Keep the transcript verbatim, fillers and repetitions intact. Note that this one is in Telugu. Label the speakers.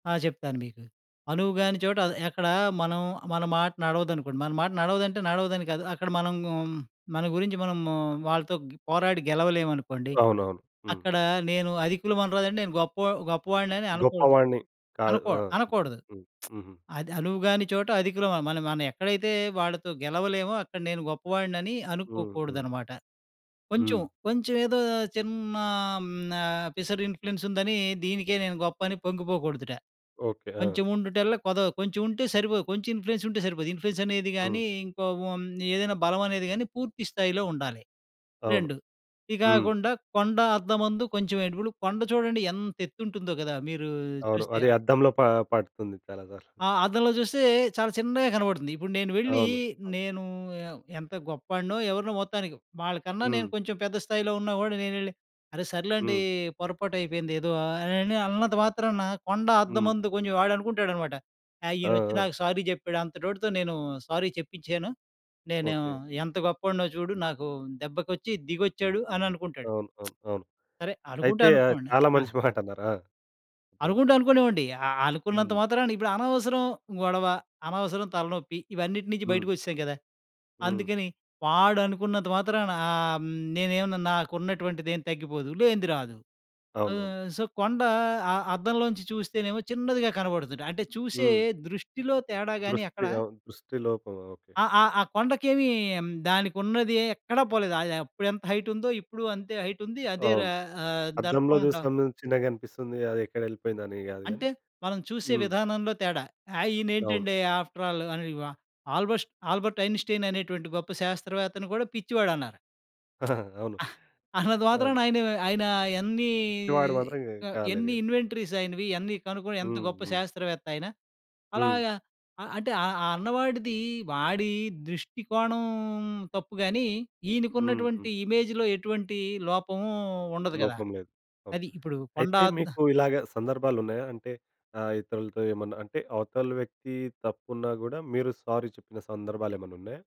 Speaker 1: ఆ! చెప్తాను మీకు.
Speaker 2: హ్మ్.
Speaker 1: 'అనువుగాని చోట' అది ఎక్కడా మనం మన మాట నడవదనుకోండి, మన మాట నడవదంటే నడవదని కాదు, అక్కడ మనం గ్ మన గురించి మనము వాళ్ళతో గ్ పోరాడి గెలవలేవనుకోండి,
Speaker 2: అవునవును. హ్మ్.
Speaker 1: అక్కడ నేను 'అధికులవనరాదంటే,' నేను గొప్పవ గొప్పవాడినని అనకూడదు.
Speaker 2: గొప్పవాడిని కాదు.
Speaker 1: అనకూడ
Speaker 2: ఆ! ఓకే.
Speaker 1: అనకూడదు.
Speaker 2: హ్మ్. హుహు.
Speaker 1: అది 'అనువుగాని చోట అధికులమా' మన మనం ఎక్కడైతే వాళ్ళతో గెలవలేమో అక్కడ నేను గొప్పవాడినని
Speaker 2: హ్మ్. హ్మ్.
Speaker 1: అనుకోకూడదనమాట. కొంచం,
Speaker 2: హ్మ్.
Speaker 1: కొంచవేదో చిన్నా ఆహ్, హ్మ్, న పిసరిన్‌ఫ్లుయెన్సుందనీ, దీనికే నేను గొప్పని పొంగిపోకూడుదట.
Speaker 2: ఓకే. ఆ!
Speaker 1: 'కొంచెవుండుటల్ల కొదవ' కొంచెవుంటే సరిపోదు, కొంచెం ఇన్‌ఫ్లుయెన్సుంటే సరిపోదు. ఇన్‌ఫ్లుయెన్సనేది
Speaker 2: హ్మ్.
Speaker 1: గానీ, ఇంకో ఓ మ్ ఏదైనా బలవనేది గానీ పూర్తి స్థాయిలో ఉండాలి.
Speaker 2: అవును.
Speaker 1: రెండు
Speaker 2: హ్మ్.
Speaker 1: ఇగాకుండా, 'కొండ అద్దమందు కొంచెం ఎడుపులు', కొండ చూడండి ఎంతెత్తుంటుందో గదా! మీరూ
Speaker 2: అవును.
Speaker 1: చూస్తే
Speaker 2: అది
Speaker 1: ఆహ్
Speaker 2: అద్దంలో పా పడుతుంది చాలా సార్లు.
Speaker 1: ఆ! అద్దంలో చూస్తే చాలా చిన్నగా కనపడుతుంది. ఇప్పుడు నేను వెళ్ళీ,
Speaker 2: అవును. ఆ!
Speaker 1: నేనూ యవ్ ఎంత గొప్పాడినో, ఎవరినో మొత్తానికి. వాళ్ళ కన్నా నేను
Speaker 2: హ్మ్.
Speaker 1: కొంచం పెద్ద స్థాయిలో ఉన్నా గూడా నేనెళ్ళి "అరె సర్లేండీ
Speaker 2: హ్మ్.
Speaker 1: పొరపాటైపోయిందేదో" ఆహ్, అనని అన్నంత మాత్రాన 'కొండ
Speaker 2: హ్మ్.
Speaker 1: అర్ధమందు కొంచెం,' వాడనుకుంటాడనమాట, ఆ!
Speaker 2: ఆ!
Speaker 1: "ఈయనొచ్చి
Speaker 2: ఆ!
Speaker 1: నాకు సారీ జెప్పాడు. అంతటోడితో నేను సారీ చెప్పించ్చాను. నేనూ
Speaker 2: ఓకే.
Speaker 1: ఎంత గొప్పోడినో చూడు, నాకూ దెబ్బకొచ్చి దిగొచ్చాడు" అననుకుంటాడు.
Speaker 2: అవును. అవును. అవును.
Speaker 1: సరే. అనుకుంటే
Speaker 2: అయితే, ఆహ్,
Speaker 1: అనుకోండి.
Speaker 2: చాలా
Speaker 1: ఆ!
Speaker 2: మంచి మాటన్నారు. ఆ! చెప్పండి.
Speaker 1: అనుకుంటే అనుకోనివ్వండి. ఆహ్, ఆహ్, అనుకున్నంత
Speaker 2: హ్మ్.
Speaker 1: మాత్రాన ఇప్పుడు అనవసరం గొడవ, అనవసరం తలనొప్పి, ఇవన్నిటి నించి
Speaker 2: హ్మ్.
Speaker 1: బయటికొచ్చేశాం గదా!
Speaker 2: హ్మ్.
Speaker 1: అందుకని వాడనుకున్నంత మాత్రాన ఆహ్, హ్మ్, నేనుమన్నా నాకున్నటువంటిదేం తగ్గిపోదు, లేంది రాదు.
Speaker 2: అవునవును.
Speaker 1: ఆహ్, సో, కొండా, అ అద్దంలోంచి చూస్తేనేమో చిన్నదిగా కనపడుతుదట. అంటే, చూసే
Speaker 2: హ్మ్.
Speaker 1: దృష్టిలో తేడా గానీ
Speaker 2: దృష్టి.
Speaker 1: అక్కడ
Speaker 2: అవును. దృష్టి లోపం. ఓకే.
Speaker 1: ఆహ్, ఆహ్, ఆ కొండకేమీ, దానికున్నదీ ఎక్కడా పోలేదు. ఆహ్, అది అప్పుడెంత హైటుందో ఇప్పుడు అంతే హైటుంది. అదే ర
Speaker 2: అవును.
Speaker 1: ఆహ్,
Speaker 2: అద్దంలో
Speaker 1: దర్పం డ
Speaker 2: చూస్తేను చిన్నగనిపిస్తుంది. అదెక్కడెళ్ళిపోయిందని గాదు గానీ.
Speaker 1: అంటే, మనం చూసే
Speaker 2: హ్మ్.
Speaker 1: విధానంలో తేడా. ఆ!
Speaker 2: అవును.
Speaker 1: ఈనేంటండి ఆఫ్‌ట్రల్ ఆహ్, ని వ ఆల్‌బోస్ట్ 'ఆల్బర్ట్ ఐన్‌స్టీన్' అనేటువంటి గొప్ప శాస్త్రవేత్తను గూడా పిచ్చివాడన్నారు.
Speaker 2: ఆ! అవును.
Speaker 1: ఆ! అన్నంతా
Speaker 2: ఆ!
Speaker 1: మాత్రాన ఆయను ఆయనా ఎన్నీ
Speaker 2: పిచ్చివాడు మాత్రం
Speaker 1: క
Speaker 2: కాలేదు
Speaker 1: ఎన్ని
Speaker 2: గదా!
Speaker 1: ఇన్వెంటరీసాయినవి. ఇయన్నీ కనుగొని ఎంత
Speaker 2: హ్మ్.
Speaker 1: గొప్ప
Speaker 2: హ్మ్.
Speaker 1: శాస్త్రవేత్త ఆయన.
Speaker 2: హ్మ్.
Speaker 1: అలాగా ఆహ్, అంటే, ఆహ్, ఆ అన్నవాడిదీ వాడీ దృష్టి కోణం తప్పు గానీ,
Speaker 2: హ్మ్. హ్మ్.
Speaker 1: ఈనకున్నటువంటి ఇమేజ్‌లో ఎటువంటీ లోపమూ ఉండదు గదా?
Speaker 2: లోపం లేదు. అవును.
Speaker 1: అది ఇప్పుడూ కొండ
Speaker 2: అయితే,
Speaker 1: అద్ద్
Speaker 2: మీకు ఇలాగా సందర్భాలున్నాయా? అంటే ఆహ్, ఇతరులతో ఏమన్నా? అంటే, అవతల వ్యక్తీ తప్పున్నా గూడా మీరు సారీ చెప్పిన సందర్భాలేమన్నున్నాయా?